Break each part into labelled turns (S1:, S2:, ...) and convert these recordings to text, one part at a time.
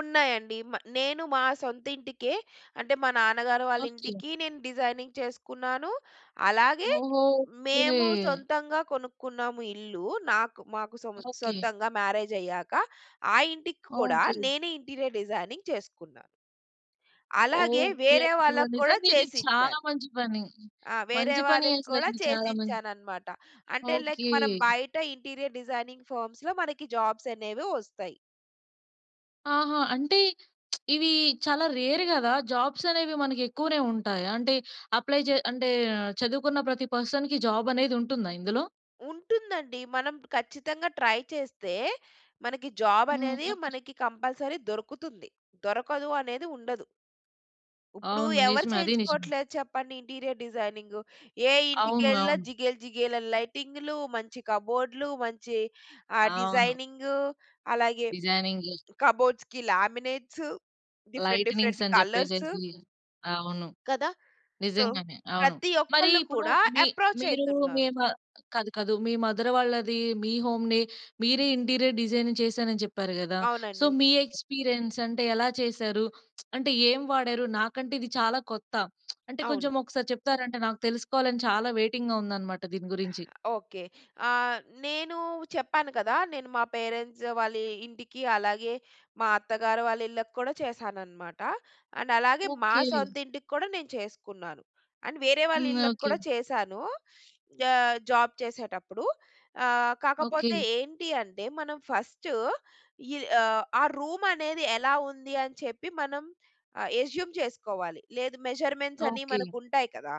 S1: ఉన్నాయండి. మా నేను మా సొంత ఇంటికే అంటే మా నాన్నగారు వాళ్ళ
S2: ఓకె.
S1: ఇంటికి, నేను డిజైనింగ్ చేసుకున్నాను. అలాగే
S2: ఓహొ! కె.
S1: మేము సొంతంగా కొనుక్కున్నాము ఇల్లు. నాకు మాకు సొం
S2: ఓకె.
S1: సొంతంగా మ్యారేజ్ అయ్యాక, ఆ ఇంటికి కూడా
S2: ఓకె.
S1: నేనే ఇంటీరియర్ డిజైనింగ్ చేసుకున్న. అలాగే
S2: ఓకె,
S1: వేరే
S2: అసల
S1: వాళ్ళకి కూడా
S2: నిజంగా ఇది చాలా
S1: చేసిచ్చాను.
S2: మంచి పని,
S1: ఆ! వేరే
S2: మంచి పని.
S1: వాళ్ళకి
S2: అసలు
S1: కూడా
S2: ఇది చాలా మంచి
S1: చేసిచ్చాననమాట. అంటే లైక్
S2: ఓకె.
S1: మనం బయట ఇంటీరియర్ డిజైనింగ్ ఫర్మ్స్‌లో మనకి జాబ్స్ అనేవి వస్తాయి.
S2: ఆహా! అంటే ఇవి చాలా రేర్ గదా! జాబ్స్ అనేవి మనకి ఎక్కువనే ఉంటాయ? అంటే అప్లై చే అంటే చదువుకున్న ప్రతి పర్సన్‌కి జాబ్ అనేది ఉంటుందా ఇందులో?
S1: ఉంటుందండి మనం ఖచ్చితంగా ట్రై చేస్తే, మనకి జాబ్
S2: హ్మ్,
S1: అనేది
S2: ఓకె.
S1: మనకి కంపల్సరీ దొరుకుతుంది. దొరకదు అనేది ఉండదు. ఇప్పుడు
S2: అవును
S1: ఎవరు
S2: నిజమే అది నిజమే.
S1: చేయించుకోవట్లేదు చెప్పండి ఇంటీరియర్ డిజైనింగ్? ఏ
S2: అవును
S1: ఇంటికెళ్ళినా
S2: అవును.
S1: జిగేల్, జిగేల్ అని లైటింగ్‌లు, మంచి కబోడ్లు, మంచి ఆహ్,
S2: అవును.
S1: డిజైనింగు, అలాగే
S2: డిజైనింగు.
S1: కబోర్డ్స్‌కి లామినేట్స్, డిఫరెంట్, డిఫరెంట్
S2: లైటనింగ్స్ అని
S1: కలర్స్
S2: చెప్పేసేసి అవును.
S1: కదా! సో
S2: నిజంగానే అవును.
S1: ప్రతి
S2: మరీ
S1: ఒక్కళ్ళు
S2: ఇప్పుడు
S1: కూడా
S2: మీ
S1: అప్రోచ్
S2: మీరు
S1: అయితున్నారు.
S2: మీమ కాదు, కాదు మీ మదర్ వాళ్ళదీ, మీ హోమ్‌ని మీరే ఇంటీరియర్ డిజైనింగ్ చేసాను అని చెప్పారు గదా. సో
S1: అవునండి.
S2: మీ ఎక్స్పీరియన్స్, అంటే ఎలా చేసారు? అంటే ఏం వాడారు? నాకంటే ఇది చాలా కొత్త అంటే కొంచెం
S1: అవును.
S2: ఒకసారి చెప్తారా? అంటే నాకు తెలుసుకోవాలని చాలా వెయిటింగ్‌గా ఉందనమాట దీని గురించి.
S1: ఓకె, ఆహ్, నేను చెప్పాను కదా. నేను మా పేరెంట్స్ వాళ్ళ ఇంటికి, అలాగే మా అత్తగారు వాళ్ళ ఇళ్ళకి కూడా చేసాననమాట. అండ్ అలాగే మా
S2: ఓకె.
S1: సొంతింటికి కూడా నేను చేసుకున్నాను. అండ్ వేరే వాళ్ళ
S2: హ్మ్,
S1: ఇళ్ళకి
S2: ఓకె.
S1: కూడా చేసానూ. జా జాబ్ చేసేటప్పుడు. ఆహ్,
S2: ఓకె.
S1: కాకపోతే ఏంటి అంటే మనం ఫస్ట్ ఈ అహ్ ఆ రూమ్ అనేది ఎలా ఉంది అని చెప్పి మనం అ ఎజ్యుమ్ చేసుకోవాలి. లేదు మెజర్మెంట్స్ అని
S2: ఓకె.
S1: మనకు ఉంటాయి కదా,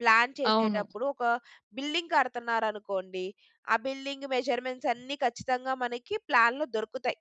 S1: ప్లాన్
S2: అవును.
S1: చేసేటప్పుడు ఒక బిల్డింగ్ కడతన్నారనుకోండి, ఆ బిల్డింగ్ మెజర్మెంట్స్ అన్నీ ఖచ్చితంగా మనకి ప్లాన్‌లో దొరుకుతాయి.